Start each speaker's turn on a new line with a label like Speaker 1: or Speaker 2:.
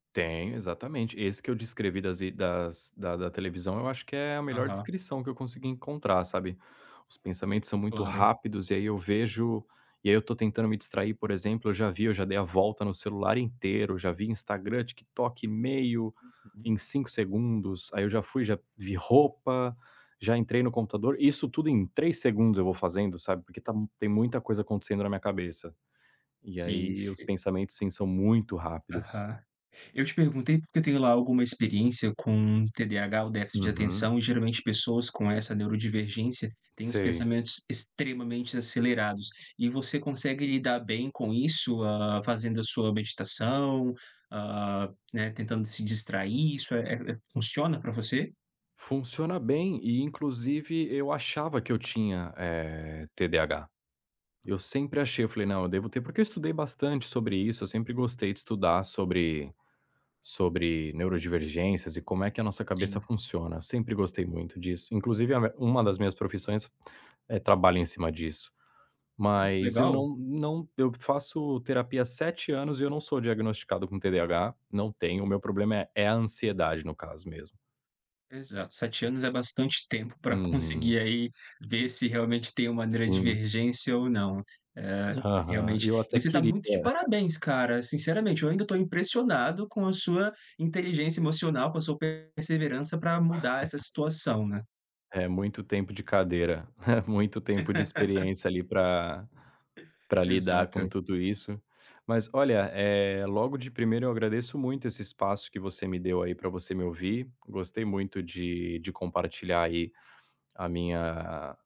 Speaker 1: Tem, exatamente. E esse que eu descrevi das id das da da televisão, eu acho que é a melhor
Speaker 2: Aham.
Speaker 1: descrição que eu consegui encontrar, sabe. Os pensamentos são muito
Speaker 2: Claro.
Speaker 1: rápidos e aí eu vejo e aí eu tô tentando me distrair, por exemplo, eu já vi, eu já dei a volta no celular inteiro, eu já vi Instagram, TikTok, e-mail, em
Speaker 2: Hum.
Speaker 1: 5 segundos. Aí eu já fui, já vi roupa, já entrei no computador isso tudo em 3 segundos eu vou fazendo, sabe, porque tá tem muita coisa acontecendo na minha cabeça. E
Speaker 2: Sim.
Speaker 1: ai os
Speaker 2: E
Speaker 1: pensamentos sim, são muito rápidos.
Speaker 2: Aham. Eu te perguntei, porque eu tenho lá alguma experiência com TDAH ou déficit de
Speaker 1: Uhum.
Speaker 2: atenção, e geralmente pessoas com essa neurodivergência têm os
Speaker 1: Sei.
Speaker 2: pensamentos extremamente acelerados, e você consegue lidar bem com isso, ah, fazendo a sua meditação, ah, né, tentando se distrair, isso, eh eh, funciona pra você?
Speaker 1: Funciona bem e inclusive eu achava que eu tinha, eh, TDAH. Eu sempre achei, eu falei: "Não, eu devo ter", porque eu estudei bastante sobre isso, eu sempre gostei de estudar sobre sobre neurodivergências e como é que a nossa cabeça
Speaker 2: Sim.
Speaker 1: funciona, eu sempre gostei muito disso. Inclusive a me uma das minhas profissões, eh, trabalha em cima disso.
Speaker 2: Olha, que
Speaker 1: Mas eu
Speaker 2: legal.
Speaker 1: não não eu faço terapia há 7 anos e eu não sou diagnosticado com TDAH. Não tenho, o meu problema é é a ansiedade, no caso mesmo.
Speaker 2: Exato, 7 anos é bastante tempo pra
Speaker 1: Uhum.
Speaker 2: conseguir aí, ver se realmente tem uma
Speaker 1: Sim.
Speaker 2: neurodivergência ou não. Eh,
Speaker 1: Aham, e
Speaker 2: realmente
Speaker 1: eu
Speaker 2: e
Speaker 1: até
Speaker 2: você tá
Speaker 1: queria
Speaker 2: muito de parabéns, cara, sinceramente, eu ainda tô impressionado com a sua inteligência emocional, com a sua perseverança pra mudar essa situação, né.
Speaker 1: É muito tempo de cadeira. É muito tempo de experiência, ali, pra pra lidar com
Speaker 2: Exato.
Speaker 1: tudo isso. Mas olha, eh, logo de primeira eu agradeço muito esse espaço que você me deu, aí, pra você me ouvir. Gostei muito de de compartilhar aí, a minha